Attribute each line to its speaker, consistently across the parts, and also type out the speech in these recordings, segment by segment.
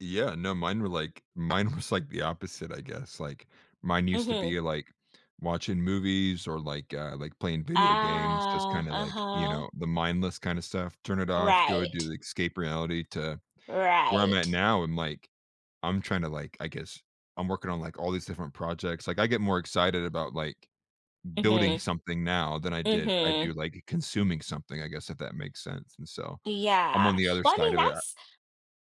Speaker 1: Yeah, no, mine were like mine was like the opposite, I guess. Like, mine used to
Speaker 2: Mhm.
Speaker 1: be, like, watching movies or, like, uh like, playing video games, just
Speaker 2: Ah,
Speaker 1: kinda, like, you
Speaker 2: uh-huh.
Speaker 1: know, the mindless kind of stuff. Turn it off, go do
Speaker 2: Right.
Speaker 1: the escape reality, to where I'm at
Speaker 2: Right.
Speaker 1: now and, like, I'm trying to, like I guess, I'm working on like all these different projects. Like, I get more excited about, like, building
Speaker 2: Mhm.
Speaker 1: something now than I did I do,
Speaker 2: Mhm.
Speaker 1: like, consuming something, I guess, if that makes sense. And, so, I'm on
Speaker 2: Yeah.
Speaker 1: the other
Speaker 2: Well, I
Speaker 1: side
Speaker 2: mean,
Speaker 1: of it a
Speaker 2: that's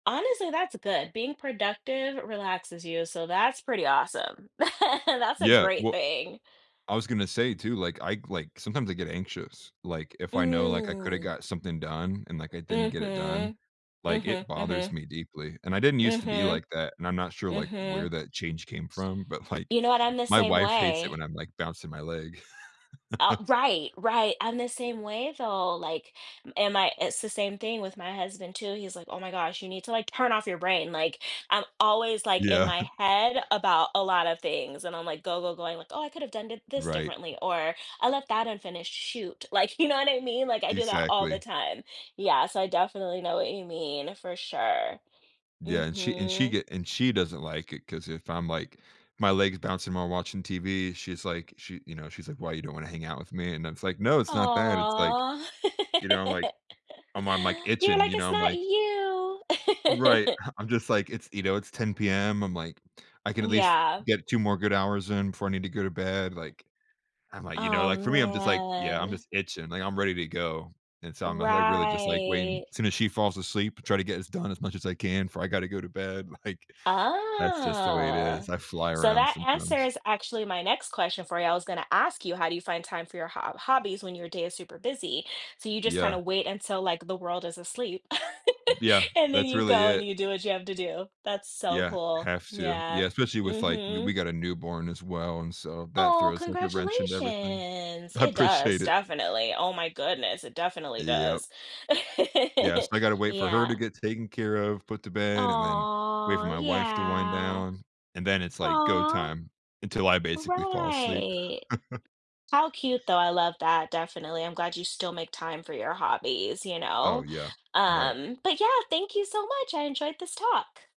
Speaker 2: honestly, that's good. Being productive relaxes you, so, that's pretty awesome. That's a
Speaker 1: Yeah,
Speaker 2: great
Speaker 1: well
Speaker 2: thing.
Speaker 1: I was gonna say, too, like, I, like sometimes I get anxious, like, if I know, like, I could've
Speaker 2: Mm.
Speaker 1: got something done and, like, I didn't get it done,
Speaker 2: Mhm.
Speaker 1: like,
Speaker 2: Mhm,
Speaker 1: it bothers
Speaker 2: mhm.
Speaker 1: me deeply. And I didn't used to be
Speaker 2: Mhm.
Speaker 1: like that, and I'm not sure, like, where
Speaker 2: Mhm.
Speaker 1: that change came from, but, like,
Speaker 2: You know what? I'm the
Speaker 1: my
Speaker 2: same
Speaker 1: wife hates it
Speaker 2: way.
Speaker 1: when I'm, like, bouncing my leg.
Speaker 2: Uh, right, right. I'm the same way, though. Like, am I it's the same thing with my husband, too. He's like, "Oh, my gosh, you need to, like, turn off your brain." Like, I'm always, like, in
Speaker 1: Yeah.
Speaker 2: my head about a lot of things. And I'm like, go, go, going like, "Oh, I could've done it this
Speaker 1: Right.
Speaker 2: differently." Or "I left that unfinished, shoot." Like, you know what I mean? Like, I do that all the
Speaker 1: Exactly.
Speaker 2: time. Yeah. So, I definitely know what you mean, for sure.
Speaker 1: Yeah. And she and she
Speaker 2: Mhm.
Speaker 1: get and she doesn't like it 'cause if I'm like my leg is bouncing while watching TV, she's like she, you know, she's like, "Why, you don't wanna hang out with me?" And I was like, "No, it's not that." It's like
Speaker 2: Aw,
Speaker 1: you know, I'm like, I'm I'm like
Speaker 2: you're
Speaker 1: itching,
Speaker 2: like,
Speaker 1: you know?
Speaker 2: "It's
Speaker 1: I'm
Speaker 2: not
Speaker 1: like
Speaker 2: you."
Speaker 1: Right. Ha I'm just like, "It's, you know, it's 10:00 PM." I'm like, "I can at least
Speaker 2: Yeah.
Speaker 1: get 2 more good hours in before I need to go to bed," like I'm like, you know,
Speaker 2: Oh,
Speaker 1: like, for me, I'm just like, "Yeah, I'm
Speaker 2: man.
Speaker 1: just itching." Like, I'm ready to go and, so, I'm like, really just like waiting
Speaker 2: Right.
Speaker 1: As soon as she falls asleep, try to get this done as much as I can before I gotta go to bed. Like, that's just the way it
Speaker 2: Ah,
Speaker 1: is, I fly
Speaker 2: so
Speaker 1: around
Speaker 2: that
Speaker 1: sometimes.
Speaker 2: answers actually my next question for you. I was going to ask you, how do you find time for your hob hobbies when your day is super busy? So you just kind
Speaker 1: Yeah.
Speaker 2: of wait until, like, the world is asleep
Speaker 1: Yeah,
Speaker 2: and then
Speaker 1: that's
Speaker 2: you
Speaker 1: really
Speaker 2: go and
Speaker 1: it.
Speaker 2: you do what you have to do. That's so
Speaker 1: Yeah.
Speaker 2: cool,
Speaker 1: Have to. Yeah,
Speaker 2: yeah.
Speaker 1: especially with, like we we
Speaker 2: Mhm.
Speaker 1: got a newborn as well and, so, that
Speaker 2: Oh,
Speaker 1: throws like a wrench into everything.
Speaker 2: congratulations.
Speaker 1: I
Speaker 2: It does,
Speaker 1: appreciate it.
Speaker 2: definitely. Oh, my goodness. Definitely
Speaker 1: Yep.
Speaker 2: does.
Speaker 1: Yes. I gotta wait for her to
Speaker 2: Yeah.
Speaker 1: get taken care of, put to bed, and then wait for
Speaker 2: Aw.
Speaker 1: my wife to wind
Speaker 2: Yeah.
Speaker 1: down. And then it's, like, go
Speaker 2: Aw.
Speaker 1: time until I basically fall asleep.
Speaker 2: Right. How cute, though, I love that. Definitely. I'm glad you still make time for your hobbies, you
Speaker 1: Oh,
Speaker 2: know?
Speaker 1: yeah. Right.
Speaker 2: Um, but yeah, thank you so much. I enjoyed this talk.